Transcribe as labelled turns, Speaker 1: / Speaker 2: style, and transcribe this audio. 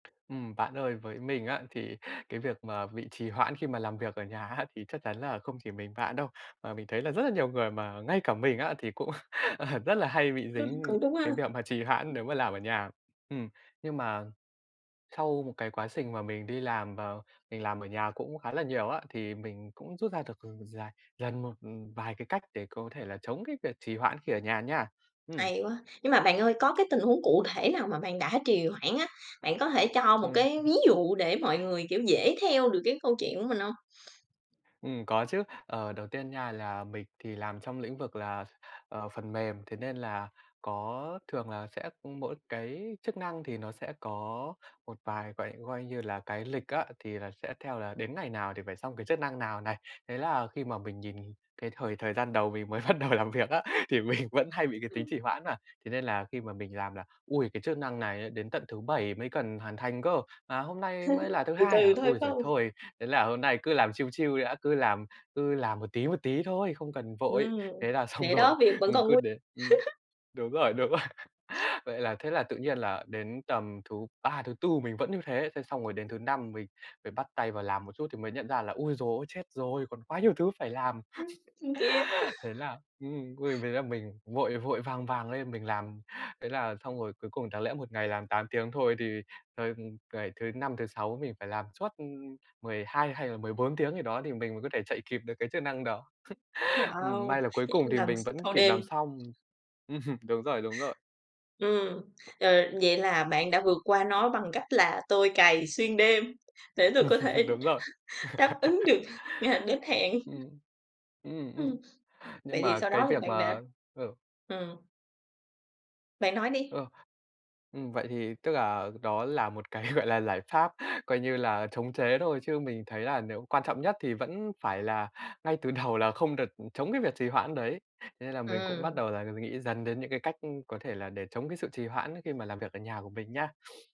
Speaker 1: Ừm, bạn ơi, với mình á thì cái việc mà bị trì hoãn khi mà làm việc ở nhà á thì chắc chắn là không chỉ mình bạn đâu, mà mình thấy là rất là nhiều người mà ngay cả mình á thì cũng, ờ, rất là hay bị dính
Speaker 2: Cũng đúng
Speaker 1: cái
Speaker 2: ha.
Speaker 1: việc mà trì hoãn nếu mà làm ở nhà ừm, nhưng mà sau một cái quá trình mà mình đi làm và mình làm ở nhà cũng khá là nhiều á, thì mình cũng rút ra được [unintelligible] dài dần một vài cái cách để có thể là chống cái việc trì hoãn khi ở nhà nha, ừm.
Speaker 2: Hay quá! Nhưng mà bạn ơi có cái tình huống cụ thể nào mà bạn đã trì hoãn á, bạn có thể cho một
Speaker 1: Ừm.
Speaker 2: cái ví dụ để mọi người, kiểu, dễ theo được cái câu chuyện của mình hông?
Speaker 1: Ừm, có chứ. Ờ, đầu tiên nha là mình thì làm trong lĩnh vực là, ờ, phần mềm, thế nên là có thường là sẽ mỗi cái chức năng thì nó sẽ có một vài gọi coi như là, cái lịch á, thì là sẽ theo là đến ngày nào thì phải xong cái chức năng nào này. Thế là khi mà mình nhìn cái thời thời gian đầu mình mới bắt đầu làm việc á thì mình vẫn hay bị cái tính trì hoãn mà, thế nên là khi mà mình làm là "Ôi, cái chức năng này ấy đến tận thứ Bảy mới cần hoàn thành cơ, mà hôm nay mới là thứ
Speaker 2: Từ
Speaker 1: Hai hả?
Speaker 2: từ thôi,
Speaker 1: Ôi
Speaker 2: phải
Speaker 1: giời
Speaker 2: hông?
Speaker 1: thôi, thế là hôm nay cứ làm chill chill đi đã, cứ làm cứ làm một tí, một tí thôi, không cần vội".
Speaker 2: Ừm,
Speaker 1: Thế là xong
Speaker 2: để
Speaker 1: rồi
Speaker 2: đó, việc vẫn
Speaker 1: ừm,
Speaker 2: còn
Speaker 1: cứ
Speaker 2: nguy
Speaker 1: đến, ừm đúng rồi, đúng rồi, vậy là thế là tự nhiên là đến tầm thứ Ba, thứ Tư mình vẫn như thế, thế xong rồi đến thứ Năm mình phải bắt tay vào làm một chút thì mới nhận ra là "Ôi giời ơi chết rồi, còn quá nhiều thứ phải làm!"
Speaker 2: Không kịp.
Speaker 1: thế là ừm, ôi, với là mình vội vội vàng vàng lên mình làm. Thế là xong rồi cuối cùng đáng lẽ một ngày làm 8 tiếng thôi thì, ờ, ừm, ngày thứ Năm, thứ Sáu mình phải làm suốt, ưm, 12 hay là 14 tiếng gì đó thì mình mới có thể chạy kịp được cái chức năng đó. Ừm,
Speaker 2: Wow!
Speaker 1: may là cuối
Speaker 2: Vậy
Speaker 1: cùng
Speaker 2: phải
Speaker 1: thì
Speaker 2: làm
Speaker 1: mình
Speaker 2: x
Speaker 1: vẫn
Speaker 2: thâu
Speaker 1: kịp
Speaker 2: đêm.
Speaker 1: làm xong. Đúng rồi, đúng rồi.
Speaker 2: Ừm, ờ, vậy là bạn đã vượt qua nó bằng cách là "Tôi cày xuyên đêm để tôi có thể
Speaker 1: Đúng rồi.
Speaker 2: đáp ứng được ngày đến hẹn."
Speaker 1: Ừm. Ừm, ừm.
Speaker 2: Ưm. Vậy
Speaker 1: Nhưng
Speaker 2: thì
Speaker 1: mà
Speaker 2: sau
Speaker 1: cái
Speaker 2: đó thì
Speaker 1: việc
Speaker 2: bạn đã
Speaker 1: mà ừ.
Speaker 2: ừm. Bạn nói đi.
Speaker 1: Ừ. Ừm, vậy thì tức là đó là một cái, gọi là, giải pháp, coi như là, chống chế thôi chứ mình thấy là nếu quan trọng nhất thì vẫn phải là ngay từ đầu là không được, ừm, chống cái việc trì hoãn đấy. Thế nên là mình cũng bắt
Speaker 2: Ừm.
Speaker 1: đầu là nghĩ dần đến những cái cách có thể là để chống cái sự trì hoãn ấy khi mà làm việc ở nhà của mình nha.